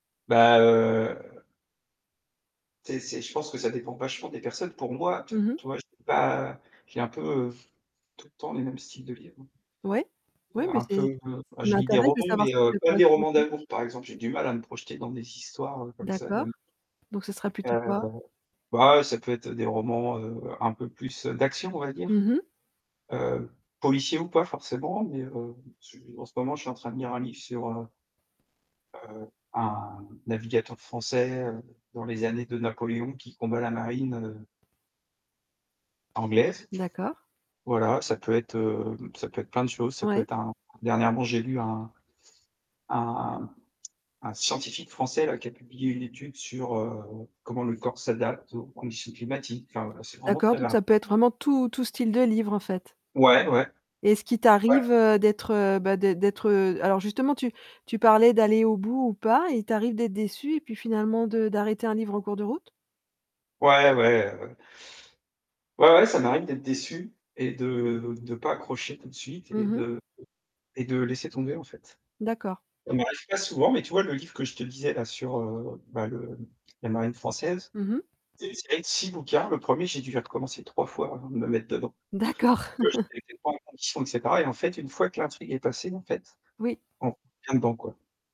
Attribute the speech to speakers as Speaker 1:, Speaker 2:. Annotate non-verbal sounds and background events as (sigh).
Speaker 1: Bah, heu c'est c'est je pense que ça dépend vachement des personnes. Pour moi, t
Speaker 2: Mmh mh.
Speaker 1: tu vois, je peux pas j'ai un peu heu, tout le temps les mêmes styles de livres.
Speaker 2: Ouais,
Speaker 1: Heu,
Speaker 2: ouais beh
Speaker 1: un peu,
Speaker 2: c'est, ce
Speaker 1: heu, oh
Speaker 2: qui
Speaker 1: je lis des
Speaker 2: m'intéresse, de
Speaker 1: romans,
Speaker 2: savoir
Speaker 1: mais,
Speaker 2: ce qui
Speaker 1: heu,
Speaker 2: te
Speaker 1: pas des
Speaker 2: correspond
Speaker 1: romans d'amour par exemple, j'ai
Speaker 2: (unintelligible)
Speaker 1: du mal à me projeter dans des histoires heu, comme ça
Speaker 2: D'accord,
Speaker 1: d'am
Speaker 2: donc ce sera plutôt
Speaker 1: Heu,
Speaker 2: quoi?
Speaker 1: de bah, ça peut être, heu, des romans, heu, un peu plus, heu, d'action on va dire.
Speaker 2: Mmh mh.
Speaker 1: Heu, policier ou pas forcément, mais, heu, su en ce moment, je suis en train de lire un livre sur heu heu, un navigateur français, heu, dans les années de Napoléon qui combat la marine heu anglaise.
Speaker 2: D'accord.
Speaker 1: Voilà, ça peut être, heu, ça peut être plein de choses, ça peut
Speaker 2: Ouais.
Speaker 1: être un dernièrement, j'ai lu un un un (clicks tongue) un scientifique français là, qui a publié une étude sur heu, comment le corps s'adapte aux conditions climatiques, enfin voilà c'est vraiment
Speaker 2: D'accord
Speaker 1: très
Speaker 2: donc
Speaker 1: var
Speaker 2: ça peut être vraiment tout tout style de livre, en fait?
Speaker 1: Ouais, ouais.
Speaker 2: Et est ce qu'il
Speaker 1: Ouais.
Speaker 2: t'arrive, heu, d'être, heu, bah d'ê d'être heu, alors justement tu tu parlais d'aller au bout ou pas, il t'arrive d'être déçu et puis finalement de d'arrêter un livre en cours de route?
Speaker 1: Ouais, ouais, heu ouais, ouais ça m'arrive d'être déçu et de de pas accrocher tout de suite
Speaker 2: Mmh
Speaker 1: et
Speaker 2: mh.
Speaker 1: de et de laisser tomber en fait.
Speaker 2: D'accord.
Speaker 1: Ça m'arrive pas souvent, mais tu vois le livre que je te disais là sur, heu, bah le la marine française,
Speaker 2: Mmh mh.
Speaker 1: c'est une série de 6 bouquins, le 1er j'ai dû le recommencer 3 fois, avant de me mettre dedans.
Speaker 2: D'accord.
Speaker 1: Parce que
Speaker 2: (chuckles)
Speaker 1: je n'étais pas en condition et c'est pareil, en fait, une fois que l'intrigue est passée en fait,
Speaker 2: Oui.
Speaker 1: on revient dedans quoi.